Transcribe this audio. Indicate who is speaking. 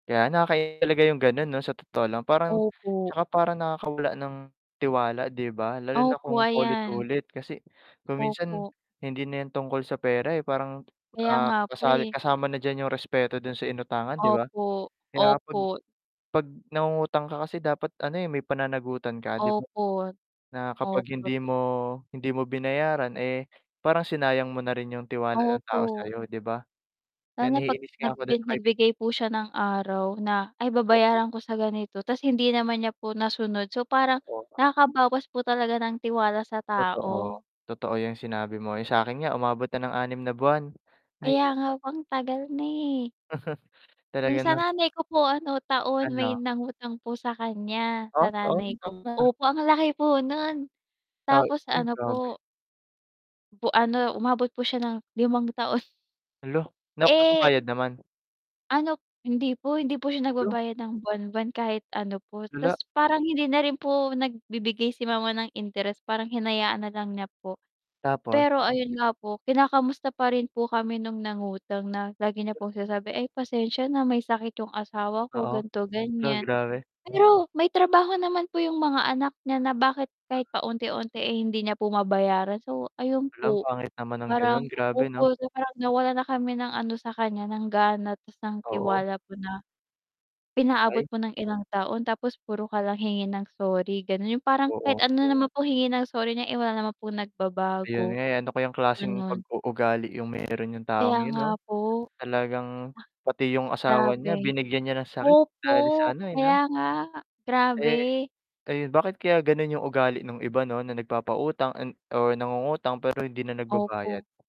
Speaker 1: Kaya nakakainis talaga yung ganun 'no sa totoo lang parang,
Speaker 2: Opo.
Speaker 1: tsaka parang nakakawala ng tiwala, 'di ba? Lalo na
Speaker 2: Opo,
Speaker 1: kung
Speaker 2: ayan.
Speaker 1: paulit-ulit kasi, kung minsan
Speaker 2: Opo.
Speaker 1: hindi na yan tungkol sa pera eh, parang,
Speaker 2: Kaya
Speaker 1: ah,
Speaker 2: nga po
Speaker 1: kasali
Speaker 2: eh.
Speaker 1: kasama na diyan yung respeto dun sa inutangan, 'di ba?
Speaker 2: Opo,
Speaker 1: Kaya 'pag
Speaker 2: opo.
Speaker 1: 'pag nangungutang ka kasi dapat ano eh, may pananagutan ka 'di ba?
Speaker 2: Opo,
Speaker 1: Na kapag
Speaker 2: opo.
Speaker 1: hindi mo hindi mo binayaran eh, parang sinayang mo na rin yung tiwala ng tao
Speaker 2: Opo.
Speaker 1: sa'yo 'di ba? Kaya
Speaker 2: Sana 'pag
Speaker 1: naiinis
Speaker 2: nag
Speaker 1: nga ako dun
Speaker 2: [unintelligible]
Speaker 1: sa kaibigan
Speaker 2: nagbigay po siya ng araw na, "Ay
Speaker 1: Oo.
Speaker 2: babayaran ko sa ganito." Tas hindi naman niya po nasunod. So parang
Speaker 1: Oo nga.
Speaker 2: nakakabawas po talaga ng tiwala sa
Speaker 1: Totoo,
Speaker 2: tao.
Speaker 1: totoo yung sinabi mo. Yung sa'kin nga umabot na ng 6 na buwan. Hay
Speaker 2: Kaya nga
Speaker 1: nako.
Speaker 2: po ang tagal na eh. Yung
Speaker 1: Talaga
Speaker 2: sa
Speaker 1: na
Speaker 2: nanay ko po ano taon may
Speaker 1: Ano?
Speaker 2: nangutang po sa kanya. Sa nanay ko
Speaker 1: [unintelligible]
Speaker 2: opo ang laki po nun,
Speaker 1: Ah,
Speaker 2: tapos
Speaker 1: ay
Speaker 2: ano
Speaker 1: grabe.
Speaker 2: po po ano umabot po siya ng 5 taon.
Speaker 1: Hala!
Speaker 2: Eh
Speaker 1: Nagbabayad naman?
Speaker 2: Ano hindi po, hindi po siya
Speaker 1: La!
Speaker 2: nagbabayad ng buwan-buwan kahit ano po, tas
Speaker 1: Lala.
Speaker 2: parang hindi na rin po nagbibigay si mama ng interes parang hinayaan nalang niya po,
Speaker 1: Tapos?
Speaker 2: pero ayun nga po kinakamusta pa rin po kami nung nangutang na, lagi niya pong sinasabi, "Ay pasensya na may sakit yung asawa ko
Speaker 1: Oo,
Speaker 2: ganto
Speaker 1: la
Speaker 2: ganyan."
Speaker 1: grabe.
Speaker 2: Pero may trabaho naman po yung mga anak niya na bakit kahit paunti-unti ay hindi niya po mabayaran, so ayun
Speaker 1: Hala ang
Speaker 2: po.
Speaker 1: pangit naman ng ganon, grabe 'no.
Speaker 2: So, parang nawala na kami ng ano sa kanya ng gana tas nang
Speaker 1: Oo.
Speaker 2: tiwala po na, pinaabot
Speaker 1: Ay.
Speaker 2: po ng ilang taon tapos puro ka lang hingi ng sorry ganon, yung parang kahit
Speaker 1: Oo.
Speaker 2: ano naman pong hingi ng sorry niya, eh wala naman pong
Speaker 1: Ayun
Speaker 2: nagbabago.
Speaker 1: nga eh, ano ko yung klaseng
Speaker 2: Ganon.
Speaker 1: pag-uugali yung meron yung taong
Speaker 2: Kaya
Speaker 1: yun
Speaker 2: nga
Speaker 1: 'no,
Speaker 2: po.
Speaker 1: talagang pati yung
Speaker 2: Ah.
Speaker 1: asawa niya
Speaker 2: Grabe.
Speaker 1: binigyan niya ng sakit
Speaker 2: Opo,
Speaker 1: dahil sa ano eh 'no.
Speaker 2: kaya nga,
Speaker 1: Eh,
Speaker 2: grabe.
Speaker 1: ayun bakit kaya ganun yung ugali nung iba 'no, na nagpapautang an o nangungutang pero hindi na nagbabayad?
Speaker 2: Opo.